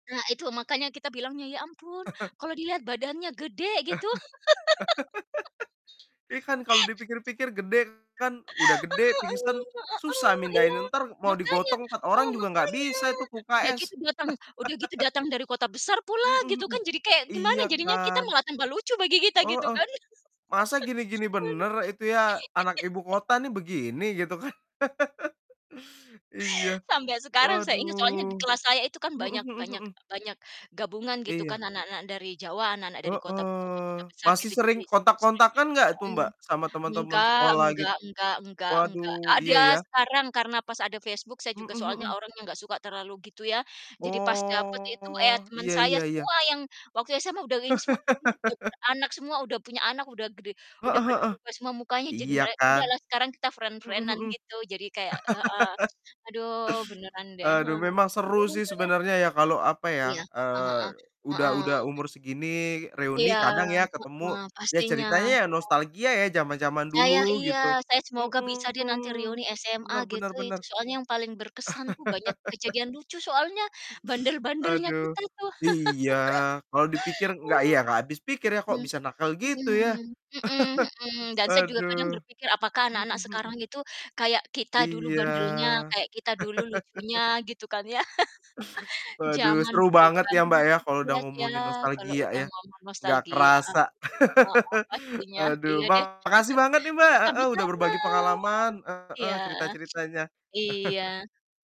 Nah itu makanya kita bilangnya, "Ya ampun kalau dilihat badannya gede," gitu. Iya kan kalau dipikir-pikir gede kan! Udah gede, [unintelligible] Heeh, pingsan eh susah heeh, eh. mindahin, Iya, entar mau makanya. digotong 4 Oh, orang juga nggak makanya! bisa itu ke Udah UKS. gitu datang udah gitu datang dari kota besar pula Mhm gitu kan, mhm. jadi kayak Iya gimana jadinya kita kan. malah tambah lucu bagi kita gitu Heeh. kan. Masa gini-gini Waduh. bener itu ya, anak ibu kota nih begini gitu kan? Iya Sampai sekarang saya ingat soalnya di waduh. kelas saya itu kan Mhm banyak mhm banyak mhm. banyak gabungan gitu kan, Iya. anak-anak dari Jawa, anak-anak dari kota kota-kota Heeh. besar Masih gitu. Jadi sering sering-sering kontak-kontakan nggak tuh, mhm, Mbak, sama teman-teman enggak sekolah enggak gitu? enggak enggak enggak. Waduh, iya Ada ya. sekarang, karena pas ada Facebook saya juga Mhm soalnya mhm. orang yang nggak suka terlalu gitu ya. Jadi pas dapat itu, eh, ya Oh, teman iya saya iya iya. semua yang waktu SMA udah ini semua, ini udah beranak semua, udah punya anak, udah gede, udah Heeh pada heeh. berubah semua mukanya, jadi Iya merek kan. udahlah sekarang kita Mhm friend-friend-an mhm. gitu. Jadi kayak heeh, aduh beneran deh. Aduh He memang seru sih [unintelligible] sebenarnya ya kalau, apa Iya, ya, heeh heeh. eee, udah udah Heeh. umur segini reuni Iya, kadang ya ketemu, heeh, ya pastinya, sih ceritanya ya. nostalgia ya jaman-jaman Saya dulu gitu. iya, saya semoga bisa deh nanti Mhm, reuni SMA Bener bener gitu. Itu bener. soalnya yang paling berkesan tuh banyak kejadian lucu, soalnya bandel-bandelnya Aduh. kita tuh. Iya, kalau dipikir U nggak ya, nggak habis pikir ya kok mhm, bisa nakal gitu ya. mhm. Mhm mhm, dan saya juga kadang Aduh. berpikir apakah Mhm anak-anak mhm. sekarang itu kayak kita dulu Iya. bandelnya, kayak kita dulu lucunya gitu kan ya. Waduh Jaman seru banget berubah. ya, Mbak, ya kalau udah Iya sih ya, ngomongin kalau nostalgia udah ya. ngomong Nggak nostalgia, ah. kerasa. Heeh, pastinya. Aduh Iya deh. makasih banget nih, Mbak, heeh, udah Sama-sama. berbagi pengalaman. Iya. Heeh, cerita-ceritanya. Iya.